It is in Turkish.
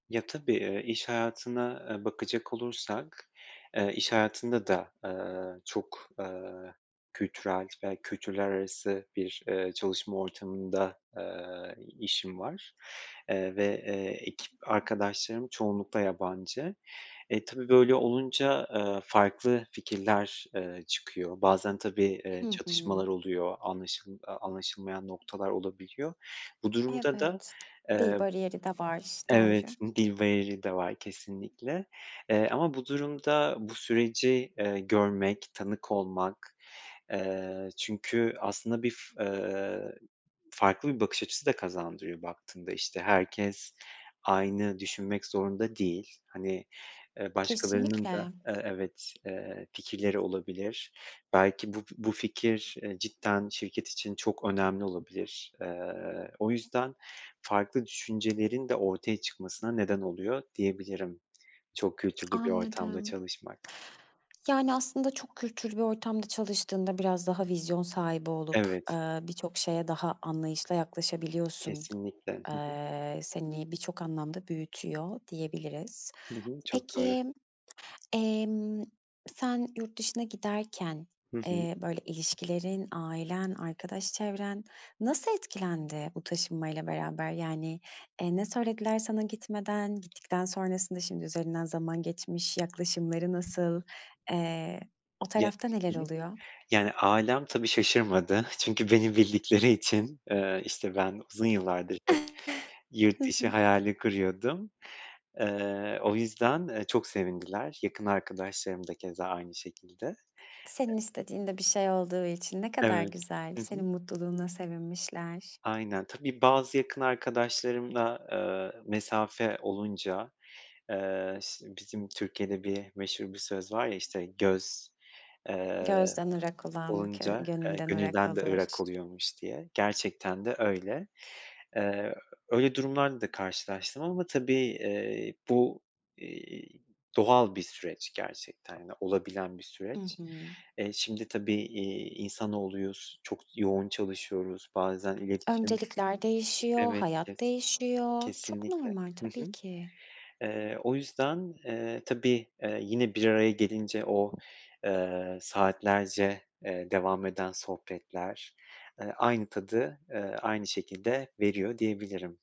Ya, tabii, eee, iş hayatına, eee, bakacak olursak, eee, iş hayatında da, eee, çok, eee, kültürel ve kültürler arası bir, eee, çalışma ortamında, eee, i işim var, eee, ve ekip arkadaşlarım çoğunlukla yabancı. E, tabii böyle olunca, eee, farklı fikirler, eee, çıkıyor. Bazen tabii, eee, Hı hı. çatışmalar oluyor, anlaşıl eee, anlaşılmayan noktalar olabiliyor. Bu durumda da, Evet, eee dil bariyeri de var, Evet, doğru. dil bariyeri de var kesinlikle, eee, ama bu durumda bu süreci, eee, görmek, tanık olmak, eee, çünkü aslında bir f eee, farklı bir bakış açısı da kazandırıyor baktığında. İşte, herkes aynı düşünmek zorunda değil. Hani, eee, başkalarının da, Kesinlikle. eee, evet, eee, fikirleri olabilir, belki bu bu fikir cidden şirket için çok önemli olabilir. Eee, o yüzden farklı düşüncelerin de ortaya çıkmasına neden oluyor diyebilirim çok kültürlü bir ortamda Anladım. çalışmak. Yani, aslında çok kültürlü bir ortamda çalıştığında biraz daha vizyon sahibi olup, Evet. eee, birçok şeye daha anlayışla yaklaşabiliyorsun. Kesinlikle. Hı hı. Eee, seni birçok anlamda büyütüyor diyebiliriz. Hı hı. Çok doğru. Peki, emm, sen yurt dışına giderken, Hı hı. eee, böyle ilişkilerin, ailen, arkadaş çevren nasıl etkilendi bu taşınmayla beraber, yani, eee, ne söylediler sana gitmeden? Gittikten sonrasında, şimdi üzerinden zaman geçmiş, yaklaşımları nasıl? Eee, o Ye tarafta neler Hı hı. oluyor? Yani, ailem tabii şaşırmadı çünkü beni bildikleri için, eee, işte, ben uzun yıllardır hep yurt Hı dışı hı. hayali kuruyordum. Eee, o yüzden, eee, çok sevindiler yakın arkadaşlarım da keza aynı şekilde. Senin istediğin de bir şey olduğu için ne kadar Evet. güzel, Hı senin hı. mutluluğuna sevinmişler. Aynen. Tabii bazı yakın arkadaşlarımla, eee, mesafe olunca, eee, ş bizim Türkiye'de bir meşhur bir söz var ya, işte, göz, eee, Gözden ırak olan kö olunca, eee, gönülden ırak gönülden de olur. ırak oluyormuş diye, gerçekten de öyle. Eee, öyle durumlarda da karşılaştım ama tabii, eee, bu, iii, doğal bir süreç gerçekten de olabilen bir I süreç. hı. Eee, şimdi tabii, iii, insanoğluyuz, çok yoğun çalışıyoruz, bazen iletişim, Öncelikler değişiyor, evet, hayat kes değişiyor, çok kesinlikle. normal Hı tabii hı. ki. Eee, o yüzden, eee, tabii, eee, yine bir araya gelince o, eee, saatlerce, eee, devam eden sohbetler, eee, aynı tadı, eee, aynı şekilde veriyor diyebilirim.